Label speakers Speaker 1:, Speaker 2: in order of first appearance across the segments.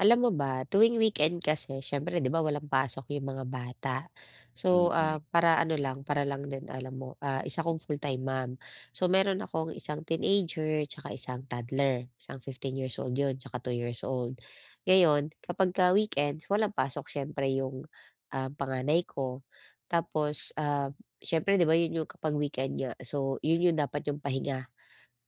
Speaker 1: Alam mo ba, tuwing weekend kasi, siyempre, 'di ba, walang pasok yung mga bata. So, ah,
Speaker 2: Mm.
Speaker 1: para ano lang, para lang din, alam mo, ah, isa akong full-time mom. So meron akong isang teenager tsaka isang toddler. Isang 15 years old 'yon, tsaka 2 years old. Ngayon, kapagka weekend, walang pasok siyempre yung, um, panganay ko. Tapos, ah, siyempre, 'di ba, 'yun 'yung kapag weekend nga, so 'yun 'yung dapat 'yung pahinga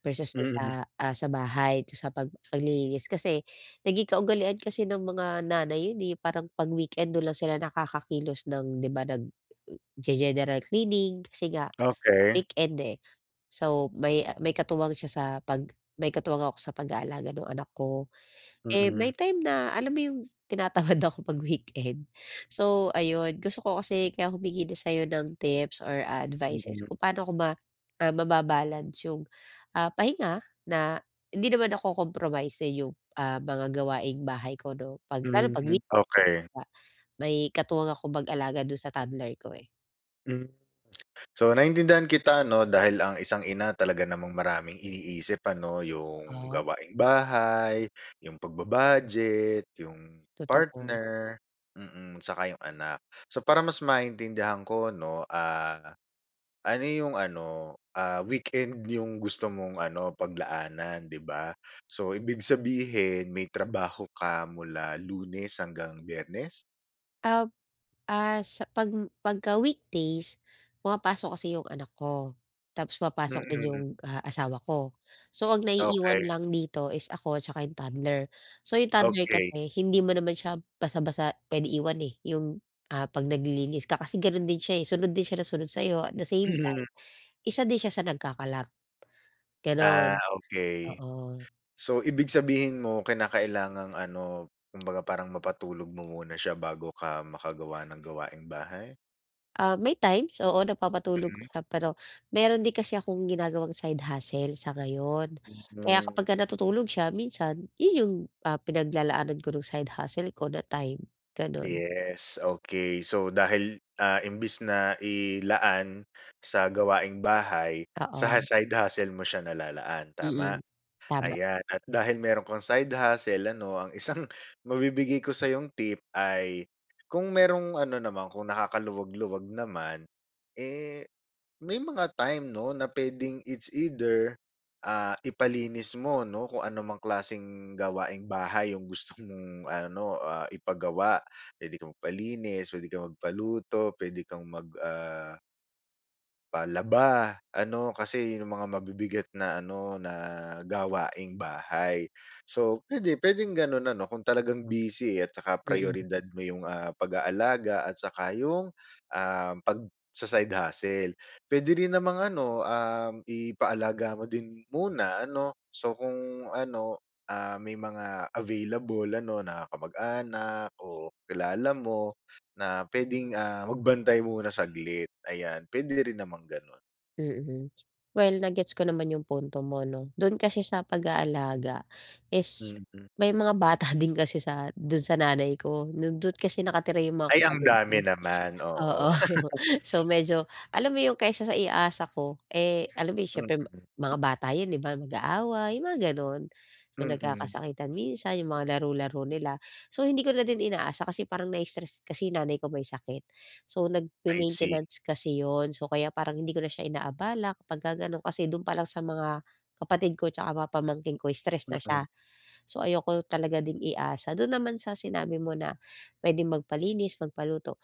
Speaker 1: versus dun
Speaker 2: Mm.
Speaker 1: sa, ah, sa bahay, dun sa pag paglilinis. Kasi naging kaugalian kasi ng mga nanay 'yun, eh, parang pag weekend, doon lang sila nakakakilos ng, 'di ba, nag u o ge-general cleaning kasi nga
Speaker 2: Okey.
Speaker 1: weekend, eh. So may, ah, may katuwang siya sa pag may katuwang ako sa pag-aalaga nung anak ko. Eh, may
Speaker 2: Mm.
Speaker 1: time na, alam mo 'yung tinatamad ako pag weekend. So ayon, gusto ko kasi kaya humingi din sa'yo ng tips or, ah, advices
Speaker 2: Mm.
Speaker 1: kung paano ko ma ah, maba-balance 'yung, ah, pahinga na hindi naman nako-compromise, eh, 'yung, ah, mga gawaing-bahay ko 'no, pag lalo
Speaker 2: Gano'n
Speaker 1: pag
Speaker 2: din,
Speaker 1: wee
Speaker 2: okey.
Speaker 1: nga, may katuwang akong mag-alaga doon sa toddler ko, eh.
Speaker 2: Hmm. So, naintindihan kita, 'no, dahil ang isang ina talaga namang maraming iniisip, ano, 'yong
Speaker 1: Oo?
Speaker 2: gawaing-bahay, 'yong pagba-budget, 'yong
Speaker 1: Totoo.
Speaker 2: partner, mm, 'tsaka 'yong anak. So, para mas maintindihan ko, 'no, ah, ano 'yong ano, ah, weekend 'yong gusto mong ano paglaanan, 'di ba, so, ibig sabihin may trabaho ka mula lunes hanggang biyernes?
Speaker 1: Um, ah, sa pag pagka weekdays, pumapasok kasi 'yong anak ko, tapos pumapasok din
Speaker 2: Mm.
Speaker 1: 'yong, ah, asawa ko. So, ang naiiwan
Speaker 2: Okay.
Speaker 1: lang dito is ako 'tsaka 'yong toddler. So 'yong toddler
Speaker 2: Okay.
Speaker 1: kasi hindi mo naman siya basta-basta puwede iwan, eh, 'yong, ah, 'pag naglilinis ka kasi gano'n din siya, eh, sunod din siya na sunod sa'yo at the same time,
Speaker 2: Mhm.
Speaker 1: isa din siya sa nagkakalat.
Speaker 2: Ah,
Speaker 1: Gano'n,
Speaker 2: okay.
Speaker 1: oo.
Speaker 2: So, ibig sabihin mo kinakailangang ano, kumbaga parang mapatulog mo muna siya bago ka makagawa ng gawaing bahay?
Speaker 1: Ah, may times, oo, napapatulog ko
Speaker 2: Mm.
Speaker 1: siya. Pero, mayro'n din kasi akong ginagawang side hustle sa ngayon, kaya
Speaker 2: Mhm.
Speaker 1: kapagka natutulog siya minsan 'yon 'yong, ah, pinaglalaanan ko no'ng side hustle ko na time, gano'n.
Speaker 2: Yes, okay. So dahil, ah, imbis na ilaan sa gawaing-bahay, sa
Speaker 1: Oo.
Speaker 2: side hustle mo siya nalalaan,
Speaker 1: Mm.
Speaker 2: tama?
Speaker 1: Tama.
Speaker 2: Ayan at dahil mayro'n kang side hustle ano, ang isang mabibigay ko sa'yong tip ay, kung mayro'ng ano naman, kung nakakaluwag-luwag naman, eh, may mga time, 'no, na puwedeng it's either, ah, ipalinis mo, 'no, kung ano mang klaseng gawaing-bahay 'yong gusto mong ano, ah, ipagawa. Puwede kang magpalinis, puwede kang magpaluto, pwede kang mag ah Palaba ano, kasi yun ang mga mabibigat na ano na gawaing bahay. So puwede, puwedeng gano'n ano kung talagang busy at saka
Speaker 1: Mm.
Speaker 2: prayoridad mo yung, ah, pag-aalaga at saka yung, ah, pagsa-side hustle. Puwede rin namang ano, uhm, ipaalaga mo din muna ano, so kung ano, ah, may mga available ano na kamag-anak o kilala mo na puwedeng, ah, magbantay muna saglit ayan, puwede rin namang gano'n.
Speaker 1: Mm. Well na-gets ko naman yung punto mo 'no, do'n kasi sa pag-aalaga is
Speaker 2: Mm.
Speaker 1: may mga bata din kasi sa, do'n sa nanay ko nando'n kasi nakatira yung mga
Speaker 2: Ay, ang
Speaker 1: kapatid
Speaker 2: dami
Speaker 1: ko,
Speaker 2: naman, oo.
Speaker 1: oo. So medyo, alam mo yung kaysa sa iasa ko, eh, alam mo yun siyempre
Speaker 2: Mm.
Speaker 1: mga bata yun di ba, mag-aaway yung mga gano'n. So
Speaker 2: Mm.
Speaker 1: nagkakasakitan minsan yung mga laro-laro nila, so hindi ko na din inaasa kasi parang nai-stress kasi- nanay ko- may sakit, so
Speaker 2: I see.
Speaker 1: nagme-maintenance kasi yun. So kaya parang hindi ko na siya inaabala kapagka gano'n, kasi do'n pa lang sa mga kapatid ko 'tsaka mga pamangkin ko stress na
Speaker 2: Mm.
Speaker 1: siya, so ayoko talaga din iasa. Do'n naman sa sinabi mo na puwedeng magpalinis, magpaluto,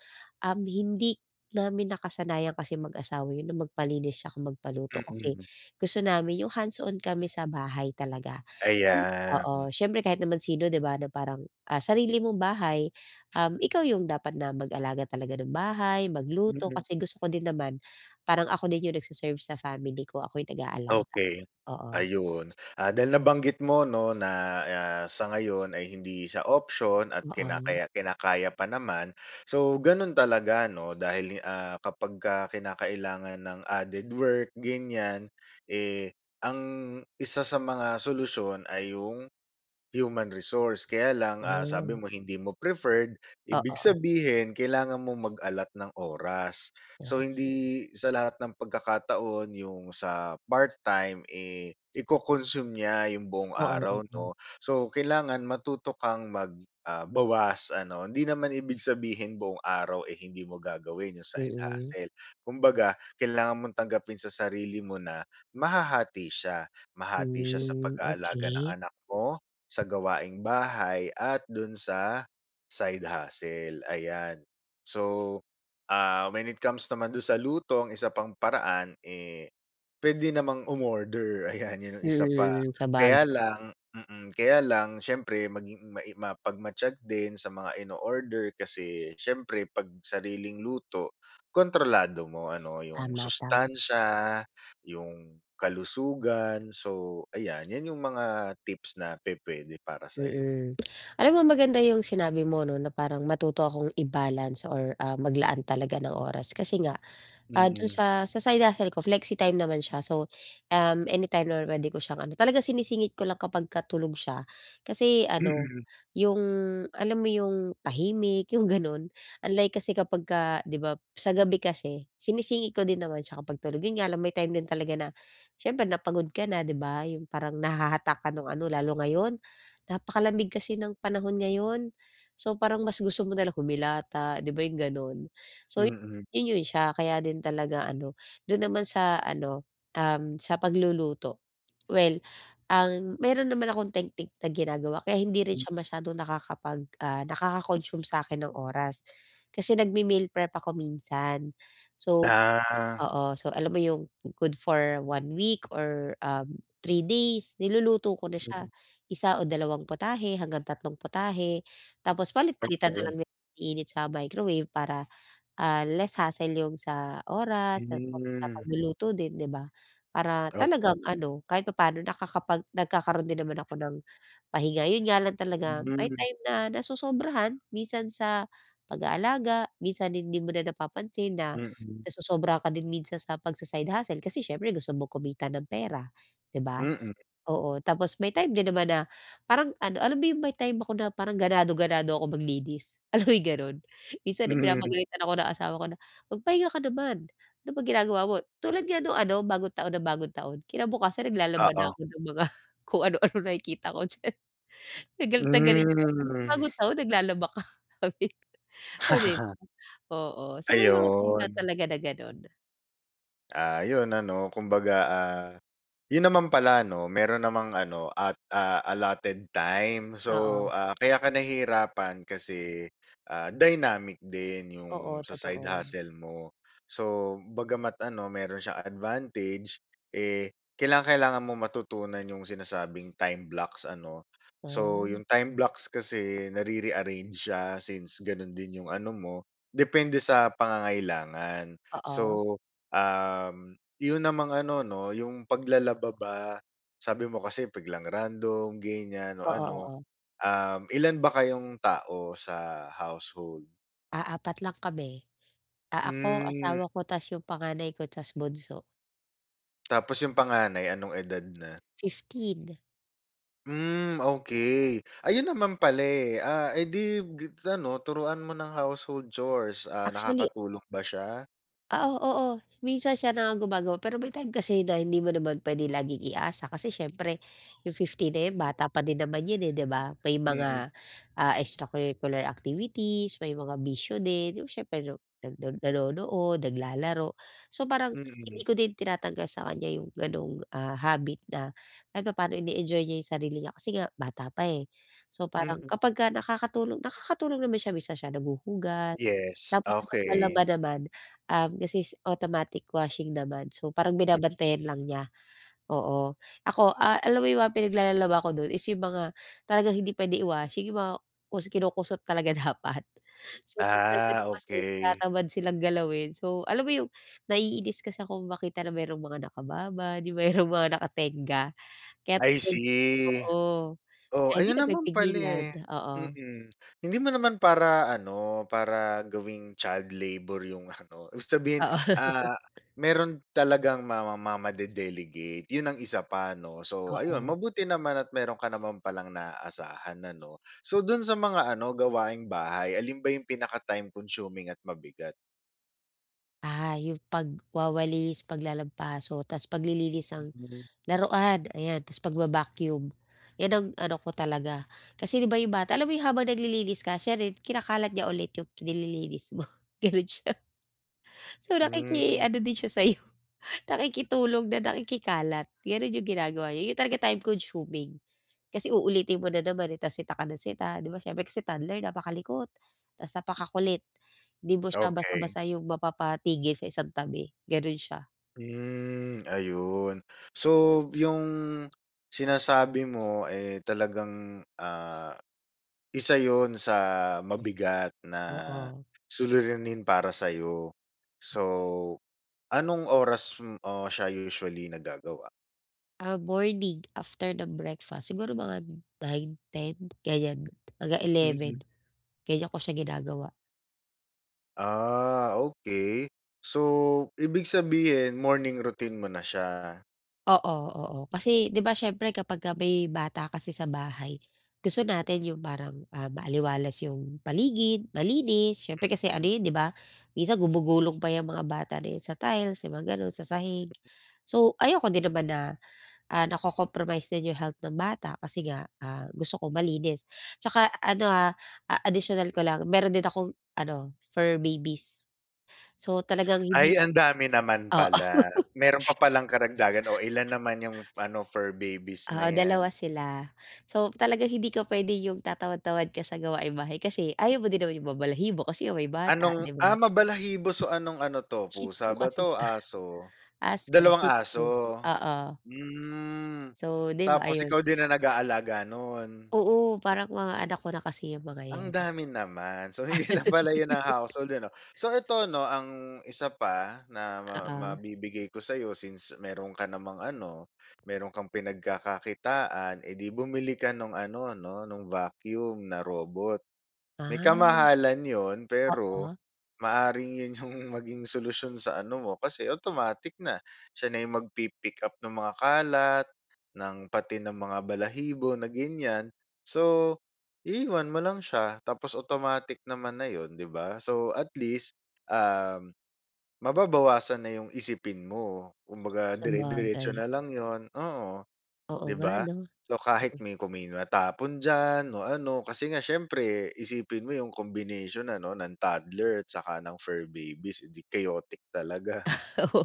Speaker 1: um, hindi namin nakasanayan kasi mag-asawa yun na magpalinis saka magpaluto, kasi
Speaker 2: Mm.
Speaker 1: gusto namin yung hands on kami sa bahay talaga.
Speaker 2: Ayan.
Speaker 1: Oo, siyempre kahit naman sino di ba na parang, ah, sarili mong bahay, um, ikaw yung dapat na mag-alaga talaga ng bahay, magluto kasi
Speaker 2: [unintelligible]
Speaker 1: gusto ko din naman parang ako din yung nagse-serve sa family ko, ako yung nag-aalaga,
Speaker 2: Okey.
Speaker 1: oo.
Speaker 2: Ayun, ah, dahil nabanggit mo 'no, na, ah, sa ngayon ay hindi sa option at
Speaker 1: Oo.
Speaker 2: kinakaya kinakaya pa naman. So gano'n talaga 'no, dahil, ah, kapagka kinakailangan ng added work ganiyan, eh, ang 1 sa mga solusyon ay yung, human resource, kaya lang, ah, sabi
Speaker 1: Mm.
Speaker 2: mo hindi mo preferred, ibig
Speaker 1: Oo.
Speaker 2: sabihin kailangan mong mag-allot ng oras.
Speaker 1: Hmm.
Speaker 2: So hindi sa lahat ng pagkakataon yung sa part time, eh, i-co-consume niya yung buong
Speaker 1: Oo,
Speaker 2: araw
Speaker 1: oo.
Speaker 2: 'no. So, kailangan matuto kang mag, ah, bawas ano. Hindi naman ibig sabihin buong araw, eh, hindi mo gagawin yung side
Speaker 1: Mm.
Speaker 2: hustle. Kumbaga kailangan mong tanggapin sa sarili mo na mahahati siya, mahati siya sa
Speaker 1: Hmm,
Speaker 2: pag-aalaga ng
Speaker 1: okey.
Speaker 2: anak mo, sa gawaing bahay at do'n sa side hustle, ayan. So, ah, when it comes naman do'n sa luto ang 1 pang paraan, eh, puwede namang umorder, ayan yan yung 1 pa,
Speaker 1: Mm, mm, sa bagay.
Speaker 2: kaya lang mm, kaya lang siyempre maging mai mapagmatyag din sa mga inoorder kasi siyempre pag sariling luto, kontrolado mo ano yung
Speaker 1: Tama, tam
Speaker 2: sustansiya, yung kalusugan. So ayan, yan yung mga tips na pupuwede para sa'yo.
Speaker 1: Mm. Alam mo maganda yung sinabi mo 'no, na parang matuto akong i-balance or ah, maglaan talaga ng oras kasi nga, ah, do'n
Speaker 2: Mm.
Speaker 1: sa, sa side hustle ko flexi-time naman siya so, um, anytime naman puwede ko siyang ano talagang sinisingit ko lang kapagka tulog siya kasi ano, yung alam mo yung tahimik, yung gano'n. Unlike kasi kapagka 'di ba, sa gabi kasi sinisingit ko din naman siya kapag tulog, yun nga lang may time din talaga na siyempre na pagod ka na 'di ba, yung parang nahahatak ka nung ano, lalo ngayon napakalamig kasi ng panahon ngayon. So parang mas gusto mo na lang humilata 'di ba, yung gano'n, so
Speaker 2: Mm.
Speaker 1: yun, yun siya kaya din talaga ano. Do'n naman sa ano, um, sa pagluluto, well, ah, mayro'n naman akong teknik na ginagawa kaya hindi rin
Speaker 2: M.
Speaker 1: siya masyadong nakakapag, ah, nakaka-consume sa'kin ng oras kasi nagme-meal prep ako minsan. So
Speaker 2: Ah.
Speaker 1: oo, so alam mo yung good for 1 week or um, 3 days, niluluto ko na siya,
Speaker 2: Mm.
Speaker 1: 1 o dalawang potahe hanggang tatlong potahe tapos palit-palitan na
Speaker 2: Okey.
Speaker 1: lang na iniinit sa microwave para, ah, less hassle yung sa oras tapos sa
Speaker 2: Hmm.
Speaker 1: pagluluto din, di ba? Para
Speaker 2: Okey.
Speaker 1: talagang ano, kahit papaano nakakapag nagkakaroon din naman ako ng pahinga, yun nga lang talaga may
Speaker 2: Hmm.
Speaker 1: time na nasosobrahan minsan sa pag-aalaga. Minsan hindi mo na napapansin na
Speaker 2: Mm.
Speaker 1: nasosobrahan ka din minsan sa pagsa-side hustle, kasi siyempre gusto mong kumitan ng pera, 'di ba?
Speaker 2: Mm.
Speaker 1: Oo, tapos may time din naman na parang ano, alam mo yung may time ako na parang ganado, ganado ako maglinis, alam mo yung gano'n? Minsan ay pinapagalitan ako ng asawa ko na, "Magpahinga ka naman, ano ba ginagawa mo?" Tulad nga nung ano bagong taon na bagong taon, kinabukasan naglalaba na
Speaker 2: Oo.
Speaker 1: ako ng mga kung ano-ano nakikita ko diyan, galit na galit siya, sabi niya,
Speaker 2: Mm.
Speaker 1: "Bagong taon, naglalaba ka?" sabi niya, oh, di ba? Oo, so may mga time na
Speaker 2: Ayun.
Speaker 1: talaga na gano'n.
Speaker 2: Ah, 'yon ano, kumbaga, ah, 'yon naman pala, 'no, mayro'n namang ano at ah, allotted time so,
Speaker 1: Oo.
Speaker 2: ah, kaya ka nahihirapan kasi, ah, dynamic din 'yong
Speaker 1: Oo,
Speaker 2: sa side
Speaker 1: totoo.
Speaker 2: hustle mo. So, bagama't ano, mayro'n siyang advantage, eh, kailangang-kailangan mong matutunan 'yong sinasabing time blocks ano, so
Speaker 1: Ah.
Speaker 2: 'yong time blocks kasi nare-rearrange siya since gano'n din 'yong ano mo depende sa pangangailangan.
Speaker 1: Oo.
Speaker 2: So, um, 'yon namang ano, 'no, 'yong paglalaba ba, sabi mo kasi biglang random, ganiyan o
Speaker 1: Oo,
Speaker 2: ano,
Speaker 1: oo.
Speaker 2: um, ilan ba kayong tao sa household?
Speaker 1: Ah, 4 lang kami. Ah, ako,
Speaker 2: Hmm.
Speaker 1: asawa ko, tas 'yong panganay ko, tas bunso.
Speaker 2: Tapos 'yong panganay, anong edad na?
Speaker 1: 15.
Speaker 2: Hmm, okay. Ayun naman pala, eh. Ah, eh, 'di gibs ano turuan mo ng household chores. Ah,
Speaker 1: Actually
Speaker 2: nakakatulong ba siya?
Speaker 1: Oo, oo. Minsan siya na nga gumagawa, pero may time kasi na hindi mo naman puwede laging i-asa kasi siyempre, 'yong 15 na 'yan bata pa din naman 'yan, eh, 'di ba. May
Speaker 2: Mm.
Speaker 1: mga, ah, extracurricular activities, may mga bisyo din, 'yong siyempre no nag nando'n nanonood, naglalaro. So parang,
Speaker 2: Mm.
Speaker 1: hindi ko din tinatanggal sa kaniya 'yong gano'ng, ah, habit na kahit papaano ine-enjoy niya 'yong sarili niya kasi nga bata pa, eh. So parang,
Speaker 2: Mm.
Speaker 1: kapagka nakakatulong nakakatulong naman siya, minsan siya naghuhugas,
Speaker 2: Yes,
Speaker 1: tapos sa
Speaker 2: okay.
Speaker 1: paglalaba naman, um, kasi automatic washing naman, so parang
Speaker 2: M
Speaker 1: binabantayan lang niya, oo. Ako, ah, alam mo 'yong mga pinaglalalaba ako do'n is 'yong mga talagang hindi puwede i-washing 'yong mga kus kinukusot talaga dapat. So, depende
Speaker 2: Ah,
Speaker 1: din kasi,
Speaker 2: okay.
Speaker 1: tinatamad silang galawin, so alam mo 'yong naiinis kasi akong makita na mayro'ng mga nakababad, 'yong mayro'ng mga nakatengga kaya't
Speaker 2: I
Speaker 1: tuwing
Speaker 2: see.
Speaker 1: oo,
Speaker 2: O,
Speaker 1: kaya hindi
Speaker 2: ayun naman pala,
Speaker 1: napipigilan,
Speaker 2: eh,
Speaker 1: oo.
Speaker 2: mm. Hindi mo naman para ano, para gawing child labor 'yong ano, ibig sabihin,
Speaker 1: Oo.
Speaker 2: ah, mayro'n talagang mama mamade-delegate, 'yon ang isa pa, 'no. So ayun,
Speaker 1: Oo.
Speaker 2: mabuti naman at mayro'n ka naman palang naasahan ano. So, do'n sa mga ano, gawaing-bahay, alin ba 'yong pinaka-time consuming at mabigat?
Speaker 1: Ah, 'yong pagwawalis, paglalampaso tapos paglilinis ng
Speaker 2: Mhm.
Speaker 1: laruan, ayan. Tapos pagba-vacuum, iyan ang ano ko talaga kasi 'di ba, 'yong bata alam mo 'yong habang naglililis ka siya rin kinakalat niya ulit 'yong nililinis mo, ganon siya. So, nakiki
Speaker 2: Hmm.
Speaker 1: ano din siya sa'yo, nakikitulong na nakikikalat. Ganon 'yong ginagawa niya, 'yun talaga time consuming kasi uulitin mo na naman, eh, tapos sita ka ng sita, 'di ba, siyempre kasi toddler napakalikot, tapos napakakulit, di mo siya
Speaker 2: Okey.
Speaker 1: basta-basta 'yung mapapatigil sa isang tabi, gano'n siya.
Speaker 2: Hmm ayun. So, 'yung sinasabi mo, eh, talagang, ah, isa 'yun sa mabigat na
Speaker 1: Oo.
Speaker 2: suliranin para sa'yo. So, anong oras m o siya usually nagagawa?
Speaker 1: Ah, morning after ng breakfast, siguro mga 9 10 ganiyan mga
Speaker 2: Mm.
Speaker 1: 11 ganiyan ko siya ginagawa.
Speaker 2: Ah, okey. So, ibig sabihin morning routine mo na siya.
Speaker 1: Oo, oo, kasi 'di ba, siyempre kapagka may bata kasi sa bahay, gusto natin 'yung parang, ah, maaliwalas 'yung paligid, malinis, siyempre kasi ano
Speaker 2: Mm.
Speaker 1: 'yon 'di ba, minsan gumugulong pa 'yang mga bata na iyan sa tiles, 'yung mga gano'n, sa sahig. So ayoko din naman na, ah, na-co-compromise din 'yung health ng bata kasi nga, ah, gusto ko malinis. At saka ano, ah, ah, additional ko lang meron din akong ano fur babies, so talagang hindi
Speaker 2: Ay, ang dami naman
Speaker 1: oo.
Speaker 2: pala, meron pa palang karagdagan. Oh, ilan naman 'yung ano fur babies na
Speaker 1: Oo,
Speaker 2: yan?
Speaker 1: 2 sila. So talagang hindi ka puwede yung tatamad-tamad ka sa gawaing bahay kasi ayaw mo din naman 'yung mabalahibo kasi nga may bata,
Speaker 2: Anong,
Speaker 1: 'di ba?
Speaker 2: ah, mabalahibo so anong ano 'to
Speaker 1: Shih Tzu
Speaker 2: pusa ba
Speaker 1: kasi
Speaker 2: 'to,
Speaker 1: siya,
Speaker 2: aso?
Speaker 1: aso
Speaker 2: Dalawang
Speaker 1: Shih Tzu,
Speaker 2: aso,
Speaker 1: oo.
Speaker 2: hmm,
Speaker 1: So di ba,
Speaker 2: tapos
Speaker 1: ayun.
Speaker 2: ikaw din ang nag-aalaga no'n?
Speaker 1: Oo, parang mga anak ko na kasi 'yang mga
Speaker 2: Ang
Speaker 1: 'yan.
Speaker 2: dami naman, so hindi lang pala 'yun ang household ano? So eto 'no, ang isa pa na ma ma
Speaker 1: Oo.
Speaker 2: mabibigay ko sa'yo since meron ka namang ano meron kang pinagkakakitaan, eh, di bumili ka nung ano, 'no nung vacuum na robot. May
Speaker 1: Ah,
Speaker 2: kamahalan 'yun pero
Speaker 1: oo.
Speaker 2: maaaring 'yun 'yung maging solusyon sa ano mo kasi automatic na, siya na 'yung magpi-pick up ng mga kalat, ng pati ng mga balahibo na ganiyan, so iiwan mo lang siya tapos automatic naman na yun, di ba? So at least, um, mababawasan na 'yung isipin mo, kumbaga dire-diretso
Speaker 1: Sabagay.
Speaker 2: na lang yun, oo.
Speaker 1: Oo
Speaker 2: Di
Speaker 1: nga,
Speaker 2: ba,
Speaker 1: 'no?
Speaker 2: so kahit
Speaker 1: Mm.
Speaker 2: may kumil matapon diyan o ano kasi nga siyempre isipin mo 'yung combination ano ng toddler at saka ng fur babies, eh, di chaotic talaga.
Speaker 1: Ah, oo.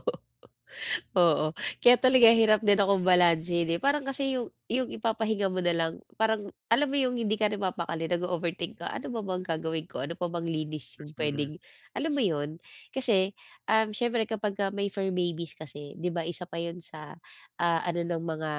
Speaker 1: Oo, kaya talaga hirap din akong balansehin, eh, parang kasi 'yung 'yung ipapahinga mo na lang, parang alam mo 'yung hindi ka na mapakali, nag-o-overthink ka, "Ano pa bang gagawin ko, ano pa bang linis 'yung
Speaker 2: Mhm.
Speaker 1: puwedeng?" alam mo 'yun, kasi, um, siyempre kapagka may fur babies kasi 'di ba isa pa 'yun sa, ah, ano ng mga,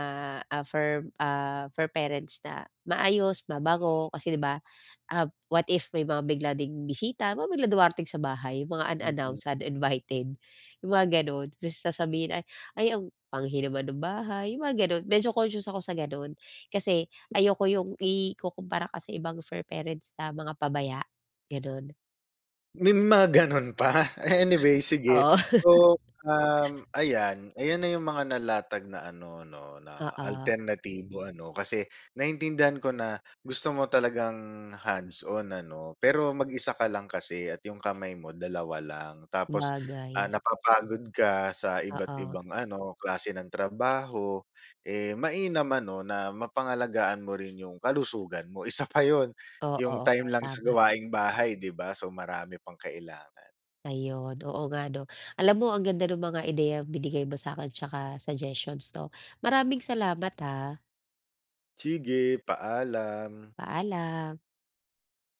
Speaker 1: ah, fur ah, fur parents na maayos, mabango kasi di ba? Ah, what if may mga bigla ding bisita, mga biglang dumarating sa bahay, 'yung mga
Speaker 2: Mm.
Speaker 1: unannounced, uninvited. 'Yung mga gano'n, tapos sasabihin, "Ay ang panghi naman ng bahay" 'yung mga gano'n. Medyo conscious ako sa gano'n, kasi ayoko 'yung ikukumpara ka sa ibang fur parents na mga pabaya, gano'n.
Speaker 2: May mga gano'n pa? Anyway sige
Speaker 1: Oo.
Speaker 2: so, uhm, ayan ayan na 'yung mga nalatag na ano 'no, na
Speaker 1: Oo.
Speaker 2: alternatibo ano kasi naintindihan ko na gusto mo talagang hands on ano, pero mag-isa ka lang kasi at 'yung kamay mo 2 lang. Tapos, ah,
Speaker 1: Sabagay.
Speaker 2: napapagod ka sa
Speaker 1: Oo.
Speaker 2: iba't-ibang ano, klase ng trabaho, eh, mainam ano na mapangalagaan mo rin yung kalusugan mo isa pa 'yun,
Speaker 1: Oo,
Speaker 2: 'yung
Speaker 1: oo,
Speaker 2: time lang sa
Speaker 1: tama.
Speaker 2: gawaing bahay di ba, so marami pang kailangan.
Speaker 1: Ayun, oo nga 'no. Alam mo ang ganda nung mga ideyang binigay mo sa'kin at saka suggestions 'no, maraming salamat, ha.
Speaker 2: Sige, paalam.
Speaker 1: Paalam.